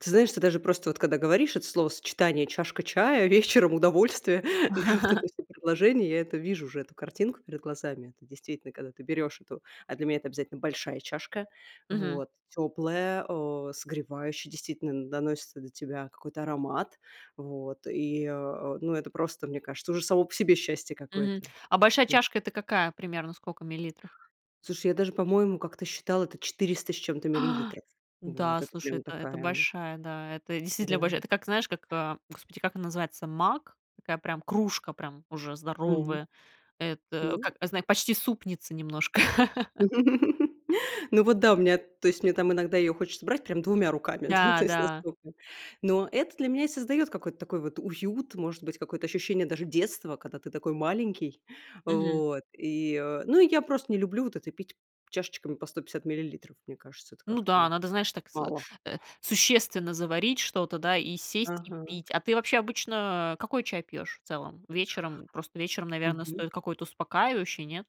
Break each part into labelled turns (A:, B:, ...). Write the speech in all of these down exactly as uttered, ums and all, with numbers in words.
A: Ты знаешь, ты даже просто вот когда говоришь, это словосочетание "чашка чая", вечером удовольствие, да, вот это всё предложение, я это вижу уже эту картинку перед глазами. Это действительно, когда ты берешь эту, а для меня это обязательно большая чашка,
B: Мгм.
A: вот теплая, э, согревающая, действительно н доносится до тебя какой-то аромат. Вот, и а а, ну это просто, мне кажется, уже само по себе счастье
B: Мгм.
A: какое-то.
B: А большая
A: М.
B: чашка это какая примерно скока миллилитров?
A: Слушай, я даже по-моему как-то считала, это четыреста с чем-то миллилитров. Вот
B: Н-да,
A: это
B: слушай,
A: прямо
B: это это
A: такая, м
B: большая. Да, это
A: Да.
B: действительно большая. Это как знаешь, как, а, Господи, как он называется маг такая прям кружка, прям уже
A: Мгм.
B: здоровая. Это
A: Н-да?
B: как не знаю, почти супница немножко.
A: Ну, вот да, у меня то есть, мне там иногда её хочется брать прям двумя руками, ну,
B: Да,
A: то есть,
B: да.
A: настолько. Но это для меня и создаёт какой-то такой вот уют, может быть, какое-то ощущение даже детства, когда ты такой маленький.
B: Мгм.
A: Вот, и, э, ну и я просто не люблю вот это пить чашечками по сто пятьдесят миллилитров. Мне кажется, это
B: Ну да,
A: как-то
B: надо, знаешь, так сы
A: мало.
B: э, существенно заварить что-то, да, и сесть, и
A: Ага.
B: пить. А ты, вообще, обычно какой чай пьёшь в целом? Вечером? Просто вечером, наверно,
A: Мгм.
B: стоит какой-то успокаивающий, нет?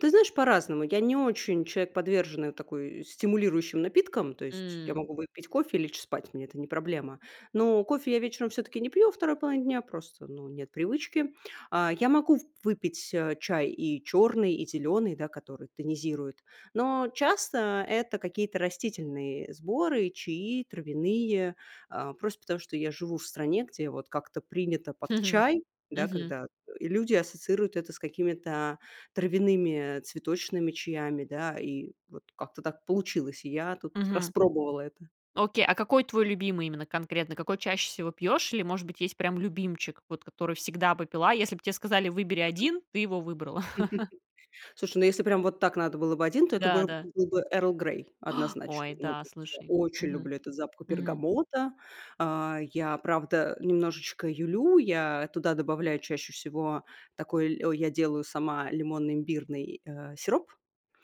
A: Ты знаешь, по-разному. Я не очень человек, подверженный, такой, стимулирующим напиткам. То есть, я
B: М.
A: могу выпить кофе и лечь спать, мне это не проблема. Но кофе я вечером все-таки не пью во второй половине дня, просто ну нет привычки. А, я могу в выпить, а, чай и черный, и зеленый, да который тонизирует. Но часто это какие-то растительные сборы и чаи травяные. А просто потому, что я живу в стране, где вот как-то принято под чай, да,
B: Мгм.
A: когда, э, люди ассоциируют это с какими-то травяными цветочными чаями, да? И вот как-то так получилось. И я тут
B: Мгм.
A: распробовала это.
B: Окей, а какой твой любимый именно конкретно? Какой чаще всего пьёшь? Или может быть есть прям любимчик, вот который всегда бы пила? Если б те сказали выбери
A: Мгм.
B: 1, ты его выбрала.
A: Слушай, ну если прям вот так надо было бы один, то это
B: Да,
A: быро
B: да.
A: был бы "Эрл Грей", однозначно.
B: Ой,
A: Ну
B: да,
A: тут, э
B: слушай.
A: очень
B: Мгм
A: люблю этот запах
B: мгм.
A: бергамота. А я, правда, немножечко юлю. Я туда добавляю чаще всего такой ль о, я делаю сама лимонно-имбирный, а, сироп.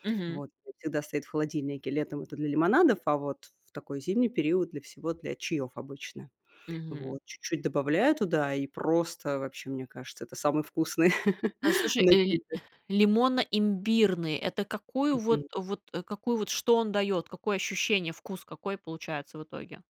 B: Мгм.
A: Вот, он всегда стоит в холодильнике. Летом это для лимонадов, а вот в такой зимний период для всего для чаёв обычно.
B: Мгм.
A: Вот, чуть-чуть добавляю туда и, просто, вообще, мне кажется, это самый вкусный
B: Да слушай, эль
A: напиток.
B: лимонно-имбирный это какую
A: Мгм.
B: вот, а вот, э, какую вот, что он даёт? Какое ощущение, вкус какой получается в итоге?